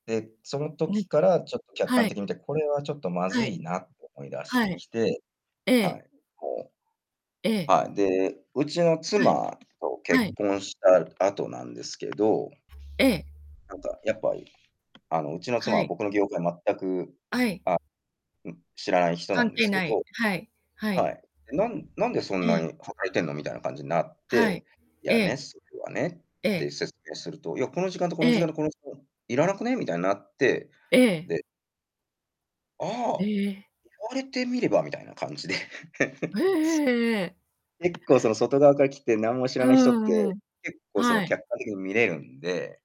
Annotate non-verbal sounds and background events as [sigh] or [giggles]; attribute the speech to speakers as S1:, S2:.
S1: で、その
S2: うん。
S1: 時から、ちょっと客
S2: は
S1: 観
S2: い。
S1: 的に見て「これはちょっとま
S2: は
S1: ず
S2: い。
S1: いな」と思い出し
S2: は
S1: て
S2: い。
S1: きて
S2: え
S1: はい。
S2: え。
S1: うこ
S2: え
S1: う。
S2: え。
S1: はい。で、うちの
S2: はい。
S1: 妻と
S2: は
S1: 結
S2: い。
S1: 婚した後なんですけど
S2: ええ。
S1: なんかやっぱり、あの、うちの妻
S2: は
S1: は
S2: い。
S1: 僕の業界全く
S2: あい。
S1: あ、うん、知らない人な
S2: 関
S1: んで
S2: 係
S1: すけ
S2: ない。
S1: ど
S2: はい。はい。
S1: はい「なんなんでそん
S2: え
S1: な
S2: え。
S1: に働いてんの？」みたいな感じになっ
S2: はい。
S1: て「い
S2: え
S1: や
S2: え。
S1: ね、それはね」
S2: え
S1: って
S2: え。
S1: 説明すると「いや、この時間と、こ
S2: え
S1: の時間
S2: え。
S1: と、この時間いらなくね？」みたいなって、
S2: ええ。
S1: で「ああ、言
S2: え！
S1: われてみれば」みたいな感じで。
S2: うええ
S1: [giggles]
S2: ええええええ。
S1: 結構その外側から来て、何も知
S2: うー
S1: らない人っ
S2: ん、う
S1: て、
S2: ん。
S1: 結構その
S2: はい。
S1: 客観的に見れるんで